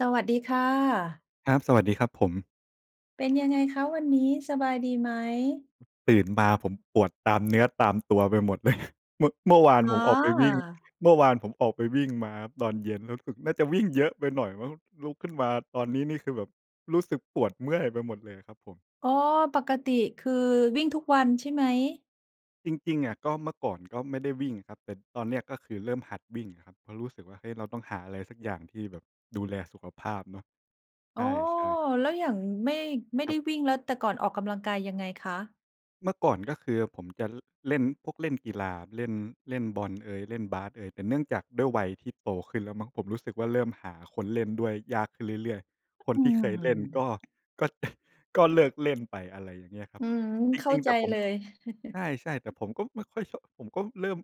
สวัสดีค่ะ ครับ สวัสดีครับผม เป็นยังไงคะวันนี้สบายดีไหม? ตื่นมาผมปวดตามเนื้อตามตัวไปหมด เลย เมื่อ เมื่อวานอ๋ผมออกไปวิ่ง อ! เมื่อวานผมออกไปวิ่งมาตอนเย็น รู้สึก น่าจะวิ่งเยอะไปหน่อยมั้ง ลุกขึ้นมาตอนนี้นี่คือแบบรู้สึกปวดเมื่อยไปหมดเลยครับผม อ๋อ ปกติคือวิ่งทุกวันใช่ไหม? จริง ๆ อะ ก็เมื่อก่อนก็ไม่ได้วิ่งครับ แต่ตอนเนี้ยก็คือเริ่มหัดวิ่งครับ เพราะรู้สึกว่า เฮ้ย เราต้องหาอะไรสักอย่างที่แบบดูแลสุขภาพเนาะ ใอ๋อ ช่ ๆ แล้วอย่าง ไม่ ไม่คไรดั้บ วิ่ง แล้วแต่ก่อนออกกำลังกายยังไงคะ? เมื่อก่อนก็คือผมจะ ล เล่นพวกเล่นกีฬา เล่น เล่นบอลเอย เล่นบาสเอย แต่เนื่องจากด้วยวัยที่โตขึ้นแล้วมั้ง ผมรู้สึกว่าเริ่มหาคนเล่นด้วยยากขึ้นเรื่อย ๆ คนอืที่เคยเล่นม ก็ ก็ ก็เลิกเล่นไป อะไรอย่างเงี้ยครัอบ ืม จเข้ราิง ๆ แใตจ่ผมเลก็ ย ใช่ ๆ แต่ผมก็ไม่ค่อยชอบ ผมก็เริ่ม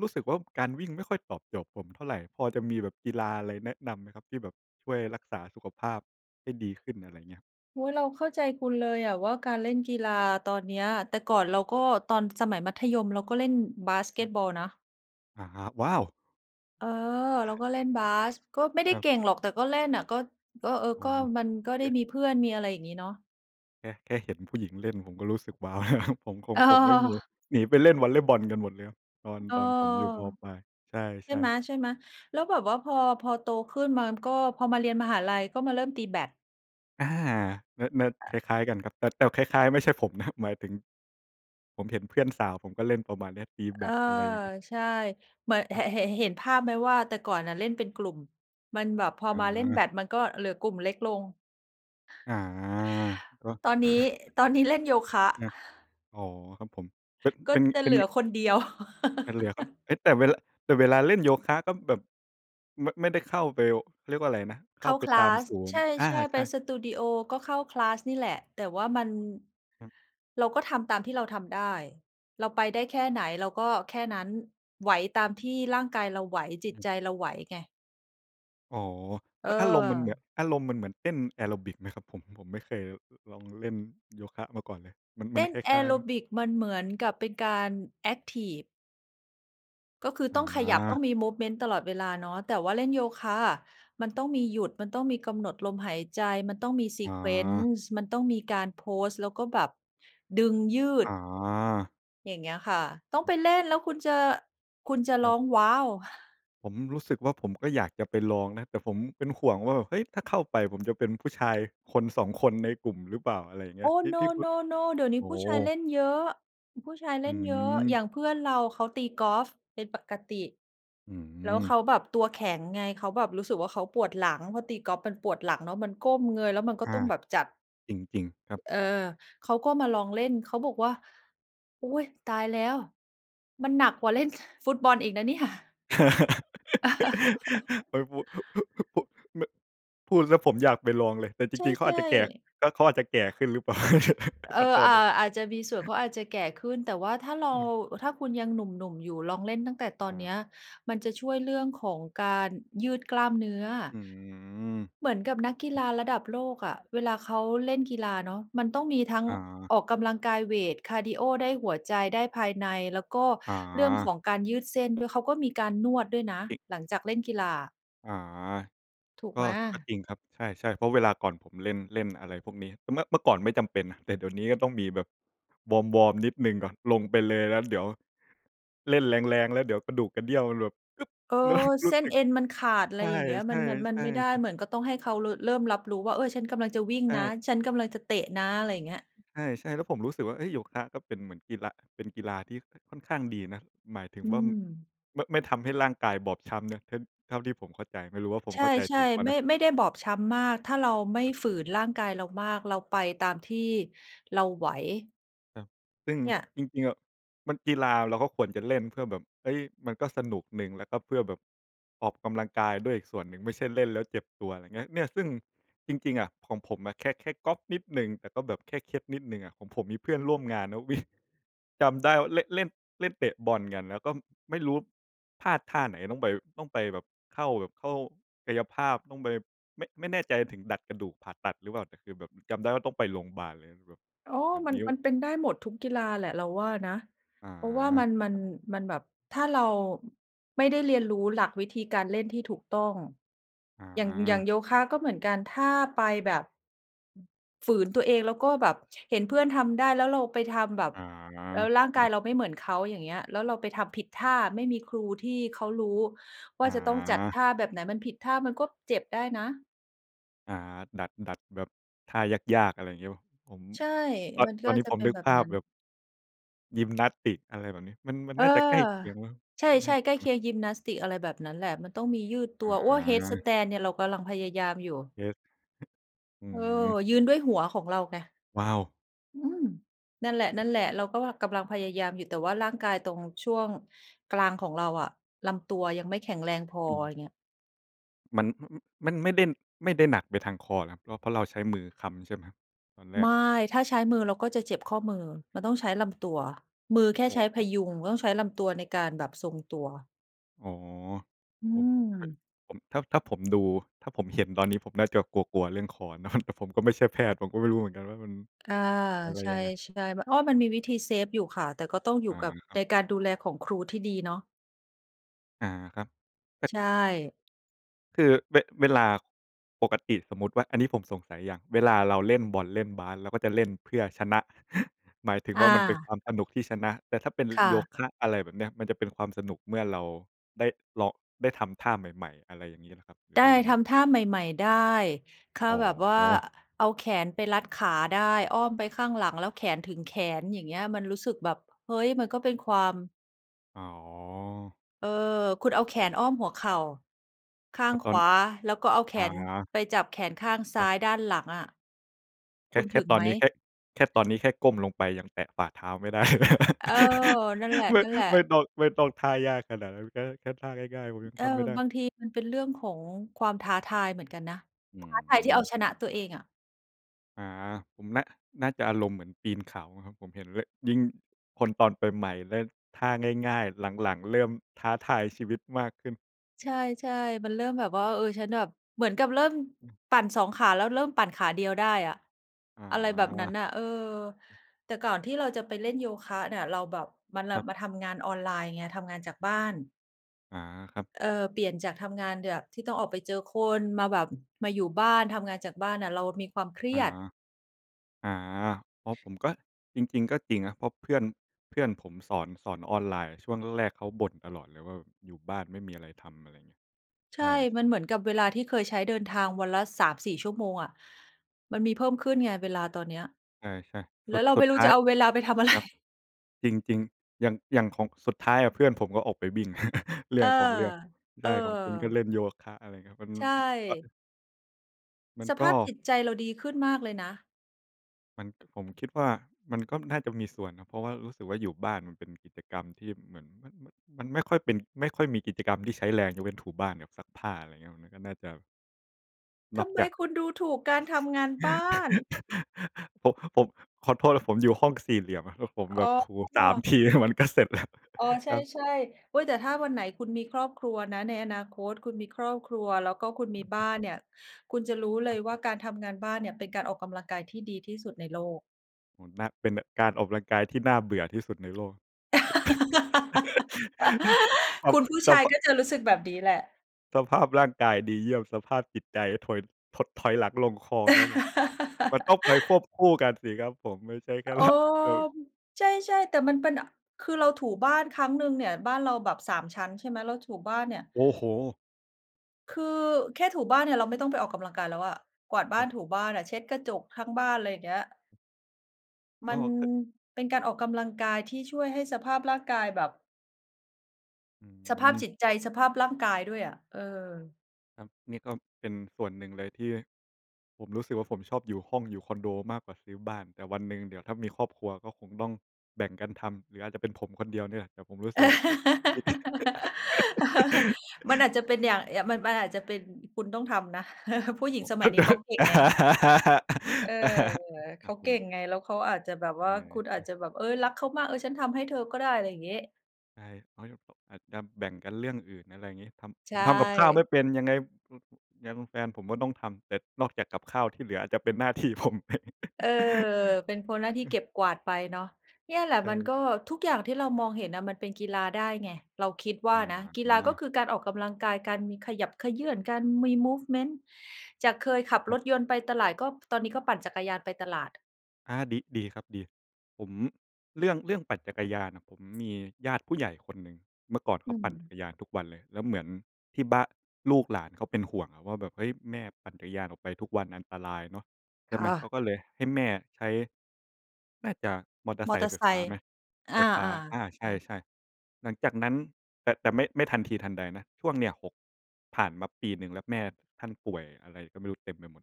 รู้สึกว่า การวิ่งไม่ค่อยตอบโจทย์ผมเท่าไร พอจะมีแบบกีฬาอะไรแนะนำไหมครับ? ที่แบบช่วยรักษาสุขภาพให้ดีขึ้น อะไรเงี้ย โอ๊ย เราเข้าใจคุณเลยอะว่า การเล่นกีฬาครับ ตอนเนี้ย แต่ก่อนเราก็ ตอนสมัยมัธยม เราก็เล่นบาสเกอืตม บอลนะ อะฮะ ว้าว! เออ เรอาา ก็เล่นบาส ก็ไม่ได้ครับ เก่งหรอก แต่ก็เล่นน่ะ ก็ ก็ เออ อ๋อ ก็มันก็ไเดอ้๊ะ? มีเพื่อนมี อะไรอย่างงี้เนาะ แค่ แค่เห็นผู้หญิงเล่น ผมก็รู้สึก ว้าว แล้วครับ ผมคง อผมไม่มี า หนีไปเล่นวอลเลย์บอลกันหมดแล้ว ตอน เออ ตอนผมอยู่ ม.ปลาย ใใชช่่ ๆ ไหม ๆ แล้วแบบว่า พอ พอโตขึ้นมาก็ พอมาเรียนมหาลัย ก็มาเริ่มตีแบด อา! เนิร์ด ๆ คล้าย ๆ กันครับ แต่ แต่คล้าย ๆ ไม่ใช่ผม นะ หมายถึง ผมเห็นเพื่อนสาวผมก็เล่นประมาณเนี้ยตีแบอา ด อะไรอย่างงี้ ใช่ เหมือน คเรห ับ เห็น เห็นภาพไหมว่า แต่ก่อนน่ะเล่นเป็นกลุ่ม มันแบบ พออ๋มาเล่นแบอ ด มันก็เหลือกลุ่มเล็กลง อา! ก็ ตอนนี้ ตอนนี้เล่นโยคะ อา อ๋อ ครับผม เป็น กเ็ป็น จะเปเ็หลน ือคนเดียว แต่เหลือครับ เฮ้ย แต่เวละ แต่เวลาเล่นโยคะก็แบบ ไม่ ไม่ได้เข้าไป เขาเรียกว่าอะไรนะ เเขข้า้า ไปคลตาามส ศูนใชย์ อา ่ ๆ ไใปช่ สตูดีโอก็เข้า คลาส นี่แหละ แต่ว่ามัน อือ เราก็ทำตามที่เราทำได้ เราไปได้แค่ไหนเราก็แค่นั้น ไหวตามที่ร่างกายเราไหว จอิตืม ใจเราไหวไง อ๋อ เม อารมณ์มันเหมือน ออ อารมณ์มันเหมือนเต้นแอโรบิกไหมครับผม ผมไม่เคยลองเล่นโยคะมาก่อนเลย มัน เมตัน้นคลแอ้าย โๆ รไหม? บิกมันเหมือนกับเป็นการแอ็กทิฟ ก็คืออต้องขยับต้อา งมี มูฟเมนต์ ตลอดเวลาเนาะ แต่ว่าเล่นโยคะอะ มันต้องมีหยุด มันต้องมีกำหนดลมหายใจ มันต้องมี อ๋อ sequence มันต้องมีการโพสต์ แล้วก็แบบดึงยือด ๋อ อย่างเงี้ยค่ะ ต้องไปเล่นแล้วคุณจะ คุณจะครร้ัอบ ง ว้าว! ผมรู้สึกว่า ผมก็อยากจะไปลองนะ แต่ผมเป็นห่วงว่าแบบ เฮ้ย! ถ้าเข้าไปผมจะเป็นผู้ชาย 1-2 คนในกลุ่มหรือเปล่า อะไรอย่างเงีโอ้้! ย ที่ No, ที่คุณ no, no เดี๋ยวนีโ้อ้ผโู้ชายเลฮ! ่นเยอะ ผู้ชายเอลื่นเยอะ อย่ม างเพื่อนเราเขาตีกอล์ฟเป็นปกติ อืแล้วเขม าแบบตัวแข็งไง เขาแบบรู้สึกว่าเขาปวดหลัง เพราะตีกอล์ฟมันปวดหลังเนาะ มันก้มเงย แล้วมันก็อตา ้องแบบจัด จริง จริงครับ เออ เขาก็มาลองเล่น เขาบอกว่า "อุ๊ย! ตายแล้ว มันหนักกว่าเล่นฟุตบอลอีกนะเนี่ย" ไม่พูด พุ ไม่ พูดแล้วผมอยากไปลองเลย แต่จใช่ ริง ๆ เขาอาจจะแก่ ๆ ก็เขาอาจจะแก่ขึ้นหรือเปล่า เอขอ อโทอษา ด้วย อาจจะมีส่วน เขาอาจจะแก่ขึ้น แต่ว่าถ้าเรา อืม ถ้าคุณยังหนุ่ม ๆ อยู่ ลองเล่นตั้งแต่ตออนเนี้า ย มันจะช่วยเรื่องของการยืดกล้ามเนื้อ อืม เหมือนกับนักกีฬาระดับโลกอะ เวลาเขาเล่นกีฬาเนาะ มันต้องมีทั้งอ๋อ ออกกำลังกายเวต คาร์ดีโอได้หัวใจ ได้ภายใน แล้วก็อ๋อ เรื่องของการยืดเส้นด้วย เขาก็มีการนวดด้วยนะ อิ หลังจากเล่นกีฬา อ๋อ ถูกก็ ไหม? ก็จริงครับ ใช่ ๆ เพราะเวลาก่อนผมเล่น เล่นอะไรพวกนี้ เมื่อ เมื่อก่อนไม่จำเป็นนะ แต่เดี๋ยวนี้ก็ต้องมีแบบวอร์ม ๆ นิดหนึ่งก่อน ลงไปเลยแล้วเดี๋ยว เล่นแรง ๆ แล้วเดี๋ยวกระดูกกระเดี้ยวมันแบบ อึ๊บ เออ แล้ว รูเส้้สนึก เอ็นมันขาด ไใรอย่างเงี้ย ชมัน มัน มัน่ ไม่ได้ ๆ ๆ ๆ เหมือนก็ต้องให้เขา ร เริ่มรับรู้ว่า เออ ฉันกำลังจะวิ่งใชนะ ่ ฉันกำลังจะเตะนะ ไรอย่างเงี้ย ใช่ ๆ แล้วผมรู้สึกว่า เอ๊ย โยคะก็เป็นเหมือนกีฬา เป็นกีฬาที่ค่อนข้างดีนะ หมายถึงอืว้ม ำ ไม่ ไม่ทำให้ร่างกายบอบช้ำนะ ท เท่าที่ผมเข้าใจ ไม่รู้ว่าผมใเข้าใจชถ่ ูกเปล่าๆ ไมน่ ะ ไม่ได้บอบช้ำมาก ถ้าเราไม่ครับ ฝืนร่างกายเรามาก เราไปตามที่เราไหว แล้ว ซึ่งเนี่ย จริง ๆ อะมัน กีฬาเราก็ควรจะเล่นเพื่อแบบ เฮ้ย มันก็สนุกหนึ่ง แล้วก็เพื่อแบบ ออกกำลังกายด้วยอีกส่วนหนึ่ง ไม่ใช่เล่นแล้วเจ็บตัว ไรเงี้ย เนี่ยซึ่งจริง ๆ อะ ของผมอะแค่ แค่ก๊อกนิดหนึ่ง แต่ก็แบบแค่เคล็ดนิดหนึ่งอะ ของผมมีเพื่อนร่วมงานนะ วิ่ง จำได้ว่าเละ เล่น เล่นเตะบอลกัน แล้วก็ไม่รู้พลาดท่าไหนต้องไป ต้องไปแบบเข้าแบบ เข้ากายภาพ ต้องไป ไม่ ไม่แน่ใจถึงดัดกระดูกผ่าตัดหรือเปล่า แต่คือแบบจำได้ว่าต้องไปโรงพยาบาลเลยแบบ อ๋อ แบบมัน นิ้ว มันเป็นได้หมดทุกกีฬาแหละเราว่านะ อ๋อ เพราะว่ามัน มัคน รับ มันแบบ ถ้าเราไม่ได้เรียนรู้หลักวิธีการเล่นที่ถูกต้อง อ๋อย่าง อย่าอ งโยคะก็เหมือนกัน ถ้าไปแบบ อืม ฝืนตัวเอง แล้วก็แบบเห็นเพื่อนทำได้ แล้วเราไปทำแบบ อ๋อ แล้วร่างกแาบยบ เราไม่เหมือนเขา อย่างเงี้ย แล้วเราไปทำผิดท่า ไม่มีครูที่เขารู้ว่อ๋าจะต้องจัดอ ท่าแบบไหน มันผิดท่ามันก็เจ็บได้นะ อา ดัด ดัดแบบท่ายาก ๆ อะไรอย่างเงี้ยเปล่า ผม ใช่ ตอน มันตกอ็นนี้จะผเมป็นนึกแบภบานัพ้น แบบ ยิมนาสติก อะไรแบบนี้ มัน มันเอนอ ่าจะใกล้เคียงมั้ง ใชน่า่ จๆ ใกละ้มัเ้คง ียงยิมนาสติก อะไรแบบนั้นแหละ มันต้องมียืดตัอว โอ้ย! เฮดสา แตนด์เนี่ยเรากำลังพยายามอยู่ เฮด อืเออ ม ยืนด้วยหัวของเราไง ว้าว! อืม! นั่นแหโลหะ ม ๆ เราก็ว่ากำลังพยายามอยู่ แต่ว่าร่างกายตรงช่วงกลางของเราอะลำตัวยังไม่แข็งแรงพอ ออืม ย่างเงี้ย มัน อือ อือ มันไม่ได้ ไม่ได้หนักไปทางคอเหรอครับ? ก็เพราะเราใช้มือค้ำใช่ไหม? ตอนแรไมก ่ ถ้าใช้มือเราก็จะเจ็บข้อมือ เราต้องใช้ลำตัว มือแค่อใช้พ๋อ ยุง เราต้องใช้ลำตัวในการแบบทรงตัว อ๋อ อืผมเป็น ม ผม ถ้า ถ้าผมดู ถ้าผมเห็นตอน นี้ผมน่าจะกลัว ๆ เรื่องคอเนาะ แต่ผมก็ไม่ใช่แพทย์ ผมก็ไม่รู้เหมือนกันว่ามัน อ่า อะไรใชยังไง ่ ๆ บ อ๋อ มันมีวิธี เซฟ อยู่ค่ะ แต่ก็ต้องอยูอ่า กับ ครัใบ นการดูแลของครูที่ดีเนาะ อา ครับ แต่ ใช่ คือ เว เวลาปกติสมมุติว่า อันนี้ผมสงสัยอย่าง เวลาเราเล่นบอลเล่นบาส เราก็จะเล่นเพื่อชนะ หมายถึงอว่ามันเป็นควา ามสนุกที่ชนะ แต่ถ้าเป็น ล ค่โยะ คะ อะไรแบบเนี้ย มันจะเป็นความสนุกเมื่อเราได้ลอง ได้ทำท่าใหม่ ๆ อะไรอย่างงี้ครับ หรืไอดว่า้ ยังไทง? ำท่าใหม่ ๆ ได้ ค่อา๋แบบว่า อ เอาแขนไปรัดขาได้ อ้อมไปข้างหลังแล้วแขนถึงแขน อย่างเงี้ย มันรู้สึกแบบ เฮ้ย! มันก็เป็นความ อ๋อ เออ คุณเอาแขนอ้อมหัวเข่า ข้าพงอตขอน วา แล้วก็เอาแขอนา ไปจับแขนข้างซคร้ัาบ ยด้านหลังอะ แคค่ ุณแคถ่ึงตอไนหม? นี้แค่ แค่ตอนนี้แค่ก้มลงไปยังแตะฝ่าเท้าไม่ ได้เลย เออ นั่นแหไม่ ละ ไม่ๆ ต้อง ไม่ต้องท่ายากขนาดนั้นก็ แค่ท่าง่าย ๆ ผมยังเออ ทำไม่ได้ บางทีมันเป็นเรื่องของความท้าทายเหมือนกันนะ อืท้าทายที่เอาม ชนะตัวเองอะ อา ผมน่า น่าจะอารมณ์เหมือนปีนเขาอะครับ ผมเห็นเละ ยิ่งคนตอนไปใหม่ เล่นท่าง่าย ๆ หลัง ๆ เริ่มท้าทายชีวิตมากขึ้น ใช่ ๆ มันเริ่มแบบว่า เออ ฉันแบบ เหมือนกับเริ่มอืม ปั่น 2 ขา แล้วเริ่มปั่นขาเดียวได้อะ อ๋อะไรแบบนั้อ นน่ะ เออ แต่ก่อนที่เราจะไปเล่นโยคะเนี่ย เราแบบมาลครับ ำ มาทำงานออนไลน์ไง ทำงานจากบ้าน อา ครับ เออ เปลี่ยนจากทำงานแบบ ที่ต้องออกไปเจอคน มาแบบ มาอยู่บ้าน ทำงานจากบ้านอะ เรามีความเครอี๋อ ยด อา พอผมก็ จริง ๆ ก็จริงนะ เพราะเพื่อน เพื่อนผมสอน สอนออนไลน์ ช่วงแรกเขาบ่นตลอดเลยว่าแบบ อยู่บ้านไม่มีอะไรทำ อะไรเงี้ย ใใชช่ ่ มันเหมือนกับเวลาที่เคยใช้เดินทางวันละ 3-4 ชั่วโมงอะ มันมีเพิ่มขึ้นไงเวลาตอนเนี้ย ใช่ ๆ แสลุ้วด เราสไุม่ดรูท้้าจะย เอาเวลาไปทำ อะไร ครับ จริง ๆ อย่าง อย่างของ สุดท้ายเพื่อนผมก็ออกไปวิ่ง เรืเ่อออ งของเรื่อง เใอช่ ของคุณก็อ เล่นโยคะ อะไรอย่างเงี้ย มัน ใชอา ่ มันสกภา็ พจิตใจเราดีขึ้นมากเลยนะ มัน ผมคิดว่ามันก็น่าจะมีส่วนนะ เพราะว่ารู้สึกว่า อยู่บ้านมันเป็นกิจกรรมที่เหมือนมัน มัน มันไม่ค่อยเป็น ไม่ค่อยมีกิจกรรมที่ใช้แรง ยกเว้นถูบ้านกับซักผ้า อะไรเงี้ย มันก็น่าจะ นทอกำไมจาก คุณดูถูกการทำงานบ้าน! ผม ผม ขอโทษนะผมอยู่ห้องสี่เหลี่ยมอะ แล้วผมอแบ๋บถู 3 อ ทีมันก็เสร็จ แล้ว อ๋อ ใชครับ ่ ๆ โอ๊ย แต่ถ้าวันไหนคุณมีครอบครัวนะ ในอนาคตคุณมีครอบครัว แล้วก็คุณมีบ้านเนี่ย คุณจะรู้เลครยับ ว่า การทำงานบ้านเนี่ยเป็นการออกกำลังกายที่ดีที่สุดในโลก โอ้ นาก เป็นการออกกำลังกายที่น่าเบื่อที่สุดในโลก สะ สัคพ ุณผู้สชัพายพะ ก็จะรู้สึกแบบนี้แหละ สภาพร่างกายดีเยี่ยม สภาพจิตใจถอย ถดถอยหลังลงคลองครับผม มันต้องไปควบคู่กันสิครับผม ไม่ใช่แค่ โอระ แบบ ม ใช่ ๆ แต่มันเป็น อ คือเราถูบ้านครั้งหนึ่งเนี่ย บ้านเราแบบ 3 ชั้น ใช่ไหม เราถูบ้านเนี่ย โอ้โฮ! คือแค่ถูบ้านเนี่ยเราไม่ต้องไปออกกำลังกายแล้วอะ กวาดบค้ารันบ ถูบ้านอะ เช็ดกระจกทั้งบ้าน ไรอย่างเงี้ย มกั็ นก็ เป็นการออกกำลังกายที่ช่วยให้สภาพร่างกายแบบ อสภาพืม จิตใจ สภาพร่างกายด้วยอะ เออ ครับ นี่ก็เป็นส่วนหนึ่งเลยที่ผมรู้สึกว่า ผมชอบอยู่ห้องอยู่คอนโดมากกว่าซื้อบ้าน แต่วันหนึ่งเดี๋ยวถ้ามีครอบครัวก็คงต้องแบ่งกันทำ หรืออาจจะเป็นผมคนเดียวนี่แหละ แต่ผมรู้สึกว่า โอ้โฮ นี่ มันอาจจะเป็นอย่าง อย่าง มัน มันอาจจะเป็น คุณต้องทำนะ ผู้หญิเงพราะ สเมขั้ยานใีจ ้เขาเก่งไง เออ เขครัาบผเก่งม ไง แล้วเขาอาจจะแบบวเ่า คุณอาออ จจะแบบ เฮ้ย รักเขามาก "เออ ฉันทำให้เธอก็ได้" อะไรอย่างงี้ ใช่ เพราะจะแบบ อาจจะแบ่งกันเรื่องอื่น อะไรอย่างงี้ ทใำ ชผมทำกับข้าวไม่ ่เป็นยังไง อ ยังแฟนผมก็ต้องทำ แต่นอกจากกับข้าวที่เหลืออาจจะเป็นหน้าที่ ผมไป เออ เป็นคน หน้าที่อืเอ ก็บกวาดไปเนาะ เนี่ยแหละใชมัน่ ก็ ทุกอย่างที่เรามองเห็นน่ะ มันเป็นกีฬาได้ไง เราคิดว่อาะนะ กีฮฬาก็ะ คือการออกกำลังกาย การมี ขยับเขยื้อน การมี มูฟเมนต์ จากเคยขับครัรบ ถยนต์ไปตลาด ก็ตอนนี้ก็ปั่นจักรยานไปตลาด อา ดี ดีครับดี ผม เรื่อง เรื่องปั่นจักรยานน่ะ ผมมีญาติผู้ใหญ่คนหนึ่ง เมื่อก่อนเขอืาปั่นจัม กรยานทุกวันเลยแล้วเหมือนที่บ้าน ลูกหลานเขาเป็นห่วงอะว่าแบบ "เฮ้ย! แม่ปั่นจักรยานออกไปทุกวันอันตรายเนาะ" ใชค่่ไหม ะ เขาก็เลยให้แม่ใช้ น่าจะมอเตอร์มไอซเตคอร์ไฟ์ไซฟ้าค์ ไหม? อไา ฟฟ้า อา ใชๆ ่ ๆ หลังจากนั้น แต่ แต่ไม่ ไม่ทันทีทันใดนะ ช่วงเนี่ย 6 ผ่านมาปีหนึ่งแล้ว แม่ท่านป่วยอะไรก็ไม่รู้เต็มไปหมด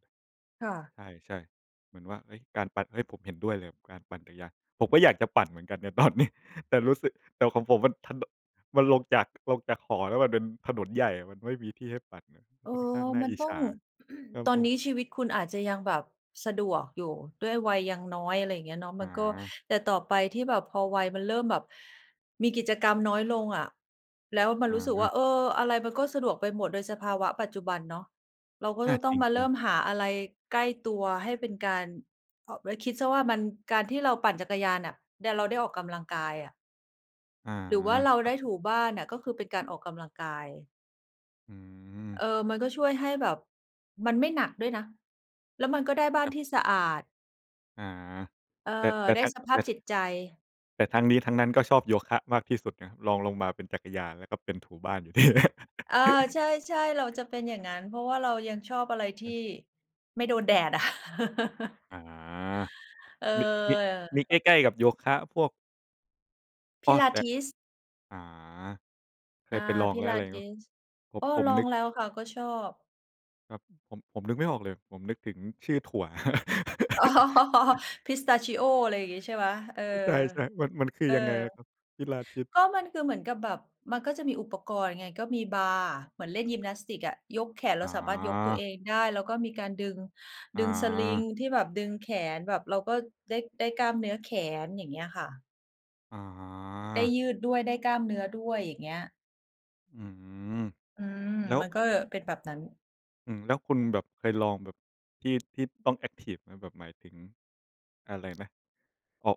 ค่ะ ใช่ ๆ เหมือนว่า เฮ้ย การปั่น เฮ้ย ผมเห็นด้วยเลยกับการปั่นจักรยาน ผมก็อยากจะปั่นเหมือนกันใน ตอนนี้ แต่รู้สึก แต่ของผมมันถนน มันลงจาก ลงจากหอแล้วมันเป็นถนนใหญ่ มันไม่มีที่ให้ปั่นอะ เออ ค่อนข้างน่มาันอิจต้อฉง า ครับตอผนนม ี้ชีวิตคุณอาจจะยังแบบสะดวกอยู่ ด้วยวัยยังน้อย อะไรอย่างเงี้ยเนาะ อมันก็ า แต่ต่อไปที่แบบพอวัยมันเริ่มแบบมีกิจกรรมน้อยลงอะ แล้วมันอรู้สึกว่า า เออ อะไรมันก็สะดวกไปหมด โดยสภาวะปัจจุบันเนาะ เราก็อา จะต้จองมาเริรง ิ่ๆ มครับ หาอะไรใกล้ตัวให้เป็นการ เพราะ ไว้คิดเสียว่ามัน การที่เราปั่นจักรยานน่ะ ได้ เราได้ออกกำลังกายอะ อา หรือว่าเราครัไดบ ้ถูบ้านน่ะ ก็คือเป็นการออกกำลังกาย อืม เออ มันก็ช่วยให้แบบ มันไม่หนักด้วยนะ แล้วมันก็ได้บ้าคนรับ ที่สะอาด อา เออ แต่ แต่ได้ถ้า สภแตา่ พจิตใจ แต่ทั้งนี้ทั้งนั้นก็ชอบโยคะมากที่สุดนะ รองลงมาเป็นจักรยาน แล้วก็เป็นถูบ้านอยู่ นี่แหละ อา ใช่ ๆ เราจะเป็นอย่างงั้น เพราะว่าเรายังชอบอะไรทีอื่อ ไม่โดนแดด อะ อา เอมี มี มีอ ใกล้ ๆ กับโยคะพวก อ้อ แต่ Pilates อ๋อ เคอา ยไปลองแล้ว อะไรงี้ไหม Pilates ผม อ้อ ผมลอนึงก แล้วค่ะก็ชอบ ครับ ผม ผมนึกไม่ออกเลย ผมนึกถึงชื่อถั่ว อ๋อ Pistachio อะไรอย่างงี้ ใช่ไหม เออ เออ ใช่ ๆ มัน มันคือเออ ยังไงนะครับ Pilates? ก็มัน คือเหมือนกับแบบมันก็จะมีอุปกรณ์ไง ก็มีบาร์เหมือนเล่นยิมนาสติกอะ ยกแขน เอรา๋สามารถยกตัวอ เองได้ แล้วก็มีการดึง อ๋ดึง sling อ ที่แบบดึงแขนแบบเราก็ได้ ได้กล้ามเนื้อแขน อย่างเงี้ยค่ะ อ๋ได้อ ยืดด้วย ได้กล้ามเนื้อด้วย อย่างเงี้ย อืม อืม แล้ว มันก็เป็นแบบนั้น อืม แล้วคุณแบบเคยลองแบบ ที่ ที่ต้องแอ็กทิฟไหม? แบบหมายถึง อะไรนะ เพาะ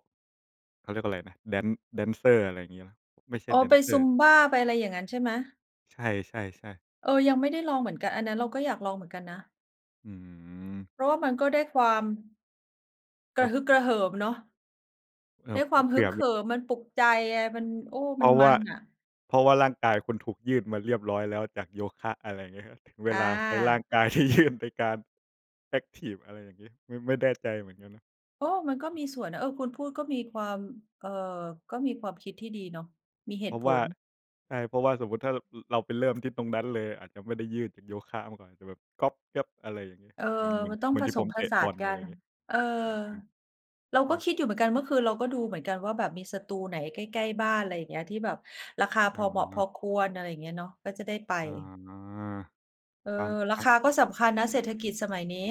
เขาเรียกว่าไรนะ แดน แดนเซอร์ อะไรงี้เปล่า ไม่ใช่อ๋อ แดไนป เซอร์ Zumba ไปอะไรอย่างงั้นใช่ไหม? ใช่ ๆ ๆ เออ ยังไม่ได้ลองเหมือนกัน อันนั้นเราก็อยากลองเหมือนกันนะ อืม เพราะว่ามันก็ได้ความ กครรัะบ ฮึกกระเหิมเนาะ เอิ่ได้บ คผ วามเผฮึื่กอเแบหบ ิม มันปลุกใจไง มัน โอ้ เพมัรนาะมวั่า นอะ เพราะว่าร่างกายคุณถูกยืดมาเรียบร้อยแล้วจากโยคะ อะไรงี้ไหม เวอลาใช้ร่าา งกาย ที่ยื่น ไปการ แอ็กทิฟ อะไรอย่างงี้ ไม่ ไม่แน่ใจเหมือนกันนะ โอ้! มันก็มีส่วนนะ เออ คุณพูดก็มีความ เอ่อ ก็มีความคิดที่ดีเนาะ มีเหเตพุราะผว่า ล ใช่ เพราะว่าสมมุติถ้า ร เราไปเริ่มที่ตรงนั้นเลย อาจจะไม่ได้ยืดเป็นโยคะมาก่อน จะแบบกร๊อบแกร๊บ อะไรอย่างงี้ เออ เหมือน เหมือน มันต้อเหงมือนผที่สผมมผเตะสาบอนล กอัะไรน งี้ เออ เหมือนกัน เราคกร็ับ คิดอยู่เหมือนกัน เมื่อคืนเราก็ดูเหมือนกันว่าแบบ มีสตูไหนใกล้ ๆ บ้าน ไรอย่างเงี้ย ที่แบบราคาพออเหมาะพา อควร อะไรอย่างเงี้ยเนาะ ก็จะได้ไป อา เออ ฟัง ราฟัคง าก็สำคัญนะเศรษฐกิจสมัยนี้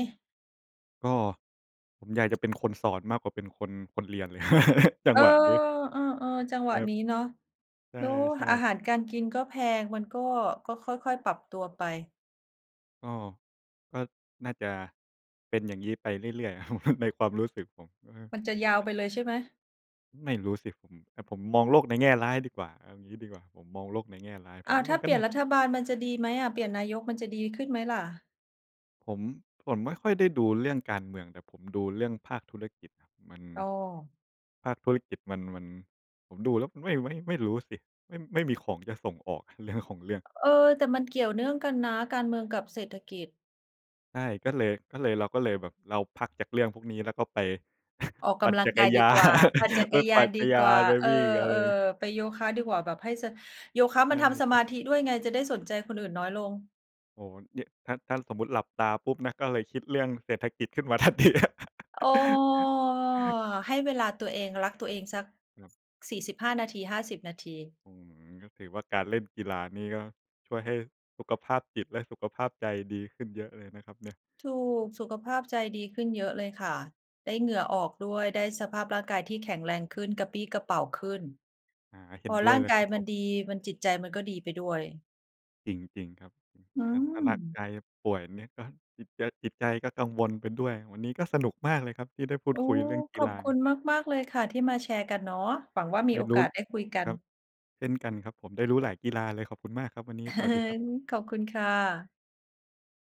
ก็ผมอยากจะเป็นคนสอนมากกว่าเป็นคน คนเรียนเลย จัเองอ! หวะนี้ เออ ๆ จังหวะครันบ ี้เนาะ ใแล้วช่ อาๆ หารการกินก็แพง มันก็ ก็ค่อย ๆ ปรับตัวไป ก็ ก็น่าจะเป็นอย่างงี้ไปเรื่อย ๆ อะ ครับ ในความรู้สึกผม เออ มันจะยาวไปเลยใช่ไหม? ไม่รู้สิผม แต่ผมมองโลกในแง่ร้ายดีกว่า เอางี้ดีกว่า ผมมองโลกในแง่ร้าย ผอ้มาวว ่าถม้ัานกเ็ปลี่นย่นาจรัะ ฐบาลมันจะดีไหมอะ เปลี่ยนนายกมันจะดีขึ้นไหมล่ะ? ผม ผมไม่ค่อยได้ดูเรื่องการเมือง แต่ผมดูเรื่องภาคธุรกิจมัน อ้อ ภาคธุรกิจมัน มัน ผมดูแล้ว ไม่ ไม่ ไม่รู้สิ ไม่ ไม่มีของจะส่งออก เรื่อง ของเรื่อง เออ แต่มันเกี่ยวเนื่องกันนะ การเมืองกับเศรษฐกิจ ใช่ ก็เลย ก็เลย เราก็เลยแบบเราพักจากเรื่องพวกนี้แล้วก็ไป ออกปกั่นำลัจงักกร ายยดีากว่า ปั่นจัน ไปกรยปาั่นนดกีระยากว่า น ไปเออ วิ่งอะไร ๆ ไปโยคะดีกว่า แบบให้สะ โยคะมันทำสใชมา่ ธิด้วยไง จะได้สนใจคนอื่นน้อยลง โอ้โฮ เนี่ยถ้า ถ้าสมมุติหลับตาปุ๊บนะ ก็เลยคิดเรื่องเศรษฐกิจขึ้นมา ทันทีครับ อ้อ ให้เวลาตัวเอง รักตัวเองสัก ครับ 45 นาที 50 นาที อืม ก็ถือว่าการเล่นกีฬานี่ก็ช่วยให้สุขภาพจิตและสุขภาพใจดีขึ้นเยอะเลยนะครับเนี่ย ถูก สุขภาพใจดีขึ้นเยอะเลยค่ะ ได้เหงื่อออกด้วย ได้สภาพร่างกายที่แข็งแรงขึ้น กระปรี้กระเปร่าขึ้น อ่า เห็พนอด้รวย่าเงลยกคารัยบมผันม ดี มัน จิตใจมันก็ดีไปด้วย จริง จริงครับ อืถ้า ถ้าร่างม! กายป่วยเนี่ยก็จิตใจ จิตใจก็กังวลไปด้วย วันนี้ก็สนุกมากเลยครับที่ได้พูโดอ้ คุยเรื่องกขีอฬบคุา ณมาก ๆ เลยค่ะ ที่มาแชร์กันเนาะ หวังว่ามไีด้โอรูก้ าสได้คุยกัคน รับ เช่นกันครับผม ได้รู้หลายกีฬาเลย ขอบคุณมากครับวันนี้ สวัสดีครับ ขอบคุณค่ะ